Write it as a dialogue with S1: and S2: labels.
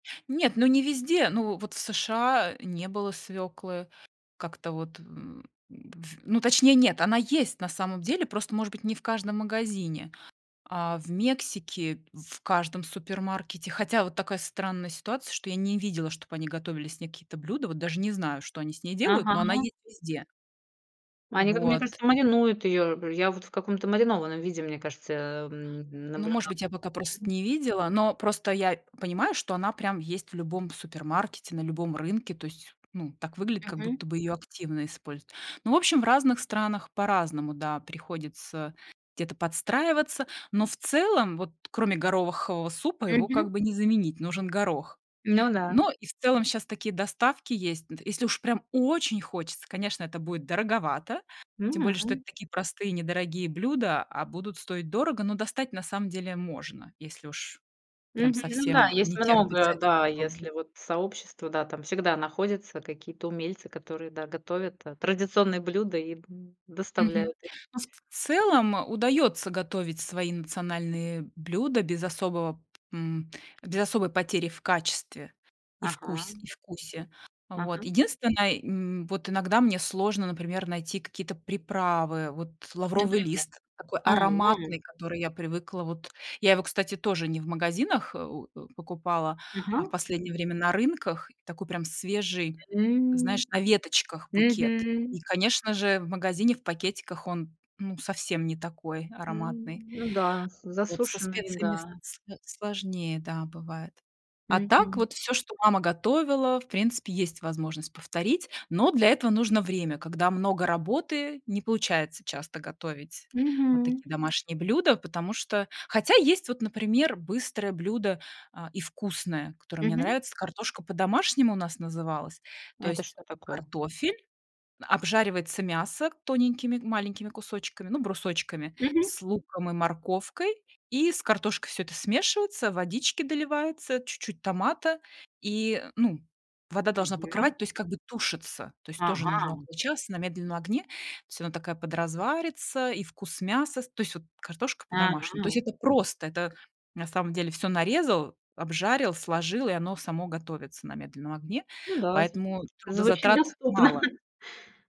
S1: Нет, ну не везде, ну вот в США не было свёклы как-то вот, м д ф ну, точнее, нет, она есть на самом деле, просто, может быть, не в каждом магазине, а в Мексике- в каждом супермаркете. Хотя вот такая странная ситуация, что я не видела, чтоб они готовили с ней какие-то блюда, вот даже не знаю, что они с ней делают, но она
S2: Ага.
S1: есть везде.
S2: Они, как мне
S1: Вот.
S2: кажется, маринуют её. Я вот в каком-то маринованном виде, мне кажется, м, м,
S1: Ну, может
S2: наблюдала.
S1: быть, я пока просто
S2: Мгм.
S1: не видела, но просто я понимаю, что она прям есть в любом супермаркете, на любом рынке, то есть, ну, так выглядит, как будто
S2: Мгм.
S1: бы её активно используют. Ну, в общем, в разных странах по-разному, да, приходится где-то подстраиваться, но в целом, вот кроме горохового супа, его как
S2: Мгм.
S1: бы не заменить, нужен горох.
S2: Ну да.
S1: Но и в целом щас такие доставки есть. Д если уж прям очень хочется, конечно, это будет дороговато. Тем более, что это
S2: М.
S1: такие простые недорогие блюда, а будут стоить дорого, но достать на самом деле можно, если уж прям
S2: Мгм. Ну
S1: совсем,
S2: да,
S1: э,
S2: есть
S1: не терпится
S2: много,
S1: это
S2: да,
S1: попробовать.
S2: если вот сообщество, да, там всегда находятся какие-то умельцы, которые, да, готовят та традиционные блюда и дн
S1: Мгм.
S2: доставляют их.
S1: Ну, в целом удаётся готовить свои национальные блюда без особого, м, без особой потери в качестве и вкусь
S2: Ага.
S1: и вкусе, вот.
S2: Ага.
S1: Единственное, м, вот иногда мне сложно, например, найти какие-то приправы. Вот лавровый
S2: Например.
S1: лист такой
S2: О.
S1: ароматный, который я привыкла. Вот я его, кстати, тоже не в магазинах, э, в э, покупала, а в
S2: Ага.
S1: последнее время на рынках. И такой прям свежий, знаешь,
S2: М,
S1: на веточках букет,
S2: мгм.
S1: и, конечно же, в магазине в пакетиках он, ну, совсем не такой ароматный.
S2: М. Ну да, с
S1: Вот со
S2: засушенный,
S1: специями
S2: да.
S1: сло сложнее, да, бывает. А так
S2: Мгм.
S1: вот всё, что мама готовила, в принципе, есть возможность повторить, но для этого нужно время, когда много работы. Не получается часто готовить вот
S2: Мгм.
S1: такие домашние блюда, потому что Хотя есть вот, например, быстрое блюдо, а, и вкусное, которое мне
S2: Мгм.
S1: нравится, картошка по-домашнему у нас называлась, то
S2: Это
S1: есть
S2: что такое?
S1: картофель, обжаривается мясо тоненькими маленькими кусочками, ну, брусочками,
S2: Мгм.
S1: с луком и морковкой, и с картошкой всё это смешивается, водички доливается, чуть-чуть томата. И, ну, вода должна
S2: Мгм.
S1: покрывать, то есть как бы тушится, то есть тоже нужно
S2: Ага.
S1: около часа на медленном огне. Всё, она такая подразварится, и вкус мяса с то есть вот картошка по-домашнему, то есть
S2: Ага.
S1: это просто. Это на самом деле всё нарезал, обжарил, сложил, и оно само готовится на медленном огне.
S2: Ну да,
S1: Поэтому
S2: звучит звучит
S1: трудозатрат
S2: доступно.
S1: мало.